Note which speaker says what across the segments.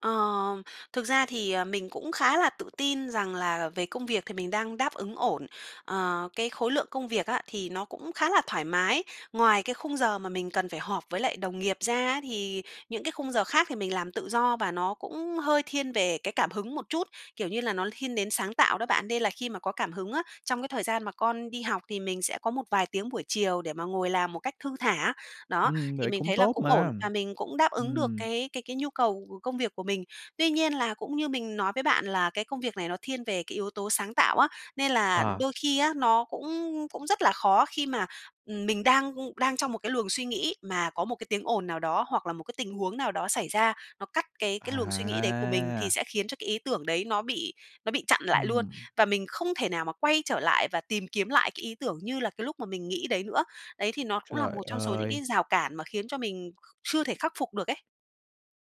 Speaker 1: Ờm, thực ra thì, ờ, mình cũng khá là tự tin rằng là về công việc thì mình đang đáp ứng ổn. Ờ, cái khối lượng công việc á, thì nó cũng khá là thoải mái, ngoài cái khung giờ mà mình cần phải họp với lại đồng nghiệp ra á thì những cái khung giờ khác thì mình làm tự do và nó cũng hơi thiên về cái cảm hứng một chút, kiểu như là, nó thiên đến sáng tạo đó bạn. Nên là khi mà có cảm hứng á, trong cái thời gian mà con đi học thì mình sẽ có một vài tiếng buổi chiều để mà ngồi làm một cách thư thả. Đó,
Speaker 2: Ừm,
Speaker 1: thì
Speaker 2: vậy
Speaker 1: mình
Speaker 2: cũng
Speaker 1: thấy là
Speaker 2: tốt
Speaker 1: cũng ổn
Speaker 2: mà.
Speaker 1: và mình cũng đáp ứng được
Speaker 2: Ừm.
Speaker 1: cái cái cái nhu cầu công việc của mình, tuy nhiên là cũng như mình nói với bạn là cái công việc này nó thiên về cái yếu tố sáng tạo á, nên là
Speaker 2: Ờ.
Speaker 1: đôi khi á nó cũng cũng rất là khó khi mà mình, ừm, đang, ưm, đang trong một cái luồng suy nghĩ mà có một cái tiếng ồn nào đó, hoặc là một cái tình huống nào đó xảy ra, nó cắt cái cái luồng suy nghĩ đấy của mình thì
Speaker 2: À!
Speaker 1: sẽ khiến cho cái ý tưởng đấy nó bị nó bị chặn lại luôn
Speaker 2: Ừm.
Speaker 1: và mình không thể nào mà quay trở lại và tìm kiếm lại cái ý tưởng như là cái lúc mà mình nghĩ đấy nữa. Đấy, thì nó cũng là
Speaker 2: Trời
Speaker 1: một trong số những
Speaker 2: ơi!
Speaker 1: cái rào cản mà khiến cho mình chưa thể khắc phục được ấy.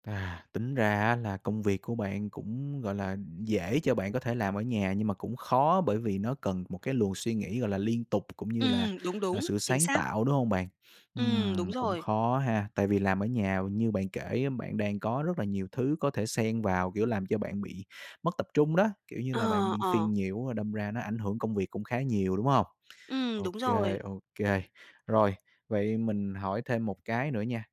Speaker 2: À, tính ra á là công việc của bạn cũng, gọi là, dễ cho bạn có thể làm ở nhà, nhưng mà cũng khó bởi vì nó cần một cái luồng suy nghĩ, gọi là, liên tục cũng như là,
Speaker 1: Ừm, đúng
Speaker 2: à,
Speaker 1: đúng,
Speaker 2: sự
Speaker 1: chính
Speaker 2: sáng
Speaker 1: xác.
Speaker 2: tạo, đúng hông bạn?
Speaker 1: Ừm, đúng
Speaker 2: Ừm, cũng
Speaker 1: rồi.
Speaker 2: khó ha, tại vì làm ở nhà như bạn kể á, bạn đang có rất là nhiều thứ có thể xen vào, kiểu, làm cho bạn bị mất tập trung đó, kiểu như
Speaker 1: Ờ,
Speaker 2: là, bạn bị
Speaker 1: ờ.
Speaker 2: phiền nhiều, rồi đâm ra nó ảnh hưởng công việc cũng khá nhiều, đúng hông?
Speaker 1: Ừm,
Speaker 2: Ô
Speaker 1: đúng
Speaker 2: kê,
Speaker 1: rồi.
Speaker 2: ô kê. Rồi, vậy mình hỏi thêm một cái nữa nha,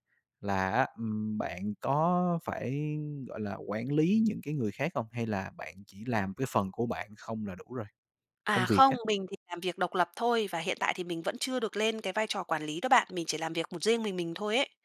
Speaker 2: là á, ừm, bạn có phải, gọi là, quản lý những cái người khác hông hay là bạn chỉ làm cái phần của bạn không là đủ rồi? Công
Speaker 1: À,
Speaker 2: việc
Speaker 1: không,
Speaker 2: á.
Speaker 1: mình thì làm việc độc lập thôi và hiện tại thì mình vẫn chưa được lên cái vai trò quản lý đó bạn. Mình chỉ làm việc một riêng mình mình thôi ấy.